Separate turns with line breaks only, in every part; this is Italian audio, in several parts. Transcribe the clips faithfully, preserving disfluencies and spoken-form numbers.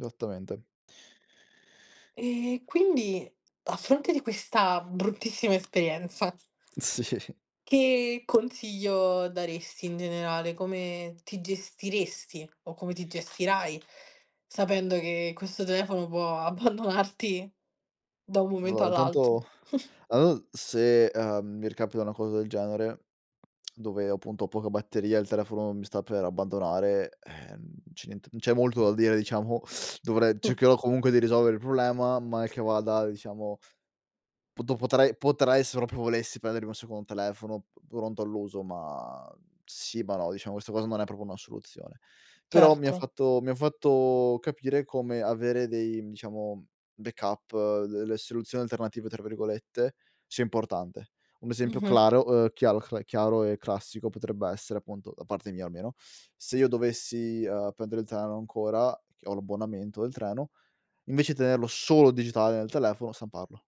sattamente.
E quindi, a fronte di questa bruttissima esperienza
Si.
che contiglio daresti in generale, come ti gestiresti o come ti gestirai, sapendo che questo telefono può abbandonarti, da un momento
lora,
all'altro.
tanto, au se, uhm, mi ricapita una cosa del genere dove, appunto, ho poca batteria, il telefono mi sta per abbandonare, ehm, c'è niente non c'è molto da dire, diciamo, dovrei
Mh.
cercherò, comunque di risolvere il problema, mal che vada diciamo poto potrei potrei, se propio volessi prendermi un secondo telefono, p pronto all'uso, ma, uhm, sì, ma no, diciamo questa cosa non è propo una soluzione. Però mi ha
Certo.
fatto mi ha fatto capire come avere dei, diciamo, mhmm backup, delle "soluzioni alternative", tra virgolette, sia importante. Un esempio
Mh-mh.
claro, ehm, chiaro, cl chiaro e classico potrebbe essere, appunto- da parte mia almeno- se io dovessi, uhm, prendere il treno ancora- che ho l'abbonamento del treno- invece tenerlo solo digitale nel telefono stamparlo,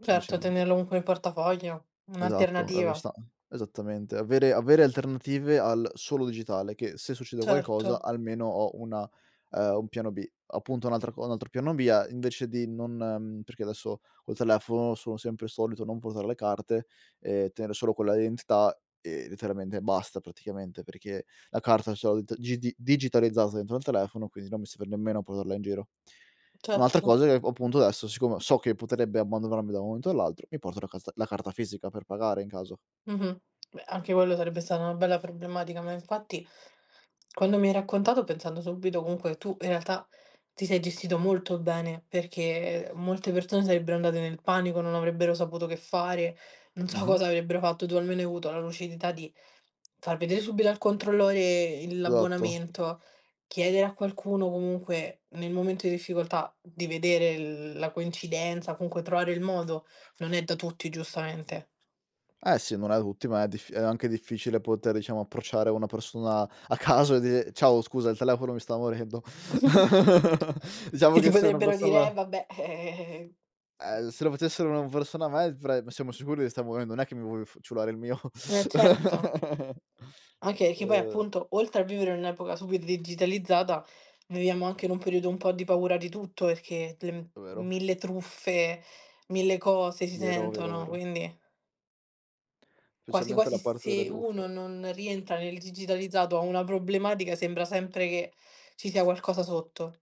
Certo, tenerlo comunque nel portafoglio.
Esatto,
Un'alternativa.
[unintelligible] esattamente. Avere avere alternative al solo digitale che, se succede qualcosa,
Certo.
almeno ho una ehm, un piano B. Appunto un'altra co un altro piano B è invece di non mhmm, perché adesso col telefono sono sempre solito non portare le carte e tenere solo quella identità e, letteralmente basta, praticamente, perché la carta ce l t gidi digitalizzata dentro al telefono, quindi non mi serve nemmeno portarla in giro. Un'altra
Certo.
cosa ecco appunto, adesso siccome so che potrebbe abbandronarmi da un momento all'altro, mi porto la casta la carta fisica per pagare, in caso.
Mh-mh. Beh, anche quello sarebbe stata una bella problematica, ma infatti quando mi hai raccontato pensando subito comunque tu in realtà, ti sei gestito molto bene, perché, ehm, molte persone sarebbero andate nel panico, non avrebbero saputo che fare, non so
Mh-mh.
cosa avrebbero fatto. Tu almeno hai avuto la lucidità di far vedere subito al controllore il
Esatto.
l'abbonamento, chiedere a qualcuno comunque nel momento di difficoltà, di vedere l la coincidenza o comunque trovare il modo, non è da tutti giustamente.
Eh sì, non è tutti, ma è diff è anche difficile poter diciamo, approcciare una persona a caso e dire: "Ciao scusa, il telefono mi sta morendo." Diciamo
Che ti
che se una
potrebbero dire: "Eh
persona
vabbè, eh, eh, eh, eh, eh. Sti
ehm, l
cazzi."
se lo facessero una persona a me [unintelligible] "Ma siamo sicuri che sta morendo, non è che mi vuoi f ciulare il mio."
Eh certo. Anche che poi
Ehm
appunto, oltre a vivere in un'epoca super digitalizzata, viviamo anche in un periodo un po' di paura di tutto, perché le m
È vero.
mille truffe, mille cose si
Vero, vero,
sentono,
vero.
quindi quasi
Specialmente
quasi
la parte delle
se
truffe.
uno non rientra nel digitalizzato ha una problematica, sembra sempre che ci sia qualcosa sotto.